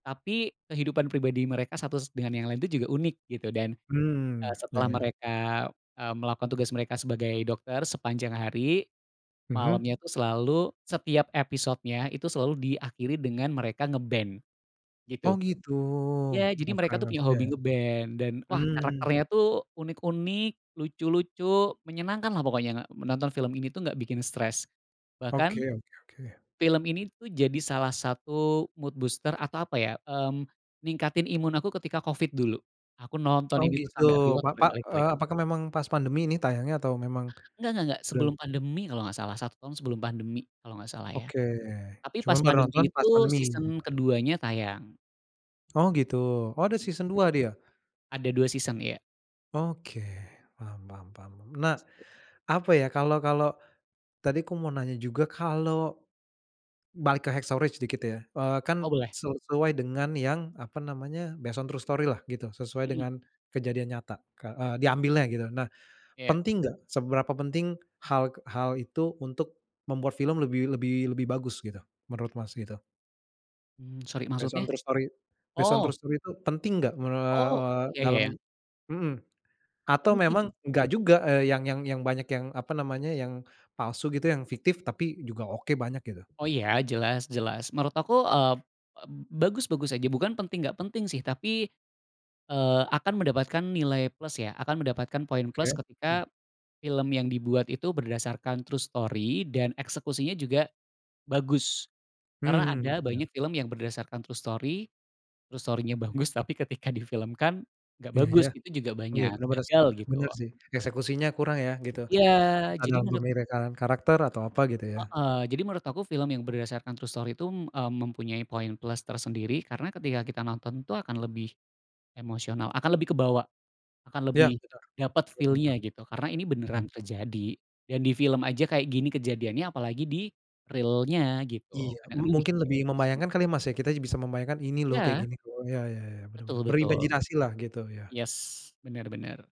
Tapi, kehidupan pribadi mereka satu s dengan yang lain tuh juga unik gitu dan, eee, Mmm, ya setelah ya. mereka, eee, melakukan tugas mereka sebagai dokter sepanjang hari, Mhm. malamnya tuh selalu, setiap episodenya itu selalu diakhiri dengan mereka ngeband, gitu. Oh gitu Ya jadi mereka tuh [unintelligible] punya ya, hobi ngeband dan wah mmm. karakternya tuh unik unik, lucu lucu, menyenangkanlah pokoknya nga menonton film ini tuh nggak bikin stres. Bahkan, Oke oke oke. film ini tuh jadi salah satu mood booster atau apa ya, mmm, ningkatin imun aku ketika Covid dulu, aku nonton Oh ini tuh gitu sampai rewatch pak pak, berkali-kali. eee, apakah memang pas pandemi ini tayangnya atau memang, Nggak nggak nggak udah sebelum pandemi kalau nggak salah 1 tahun sebelum pandemi kalau nggak salah ya, Oke, tapi cuman pas baru pandemi nonton itu pas pandemi season gitu. keduanya tayang. Oh gitu oh ada season 2 dia? Ada 2 season iya. Oke, paham paham paham. Nah, apa ya kalau kalau, tadi aku mau nanya juga kalau, balik ke "Hacksaw Ridge" sedikit ya, eee, Oh kan boleh. sesuai dengan yang apa namanya based on true story-lah gitu sesuai Mhm. dengan kejadian nyata ka diambilnya gitu nah, Iya. penting nggak seberapa penting hal k hal itu untuk, membuat film lebih lebih lebih bagus gitu, menurut Mas gitu? Mmm, sorry Based on maksudnya? true story based on Oh. true story tuh penting nggak mere Oh we ya ya dalam, ya. mhm. Atau Penting. memang nggak juga, eee, yang yang yang banyak yang apa namanya yang, palsu gitu yang fiktif tapi juga oke banyak gitu? Oh ya, jelas jelas menurut aku, eee, eb bagus bagus aja bukan penting nggak penting sih tapi, eee, akan mendapatkan nilai plus ya, akan mendapatkan poin Oke, plus mmm. ketika, film yang dibuat itu berdasarkan true story dan eksekusinya juga, bagus. Karena Mhm, ada iya. banyak film yang berdasarkan true story true story-nya bagus tapi ketika difilmkan nggak Iya bagus yah, itu juga oh ya banyak, benar benar sih gagal gitu. benar sih, eksekusinya kurang ya gitu Ya jadi dalam menurut pemilihan karakter atau apa gitu ya. Heeh, jadi menurut aku film yang berdasarkan true story itu, mmm, mempunyai poin plus tersendiri karena ketika kita nonton tuh akan lebih, emosional akan lebih kebawa, akan Ya lebih dapet [unintelligible] oh feel-nya benar. gitu. Karena ini beneran terjadi, dan di film aja kayak gini kejadiannya apalagi di-real-nya gitu, Iya m kadang-kadang mungkin mikirnya lebih gitu sih. membayangkan kali Mas ya, kita bisa membayangkan ini loh kayak Iya. gini tuh ya ya ya benar Betul benar, betul, berimajinasi lah gitu ya. yes benar benar.